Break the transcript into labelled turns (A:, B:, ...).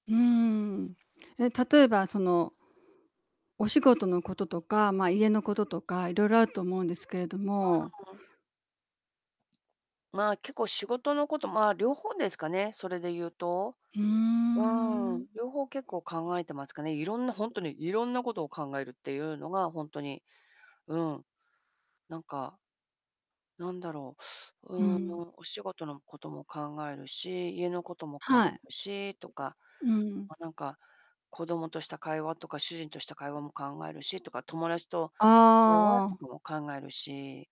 A: うんうんうん。え、例えばそのお仕事のこととか、まあ、家のこととか、いろいろあると思うんですけれど
B: わ、
A: も。
B: お。まあ、結構仕事のことまあ、両方ですかね、それで言うと。
A: ふー
B: う
A: ん。
B: ん、両方結構考えてますかね。いろんな本当にいろんなことを考えるっていうのが、本当に、うん、なんか。なんだろう
A: うん。
B: ーん、お仕事のことも考えるし、家のことも考
A: はい。
B: えるしとか、
A: うん。
B: まあなんか、子供とした会話とか、主人とした会話も考えるしとか、友達と会話
A: あ
B: と
A: あ。
B: かも考えるし。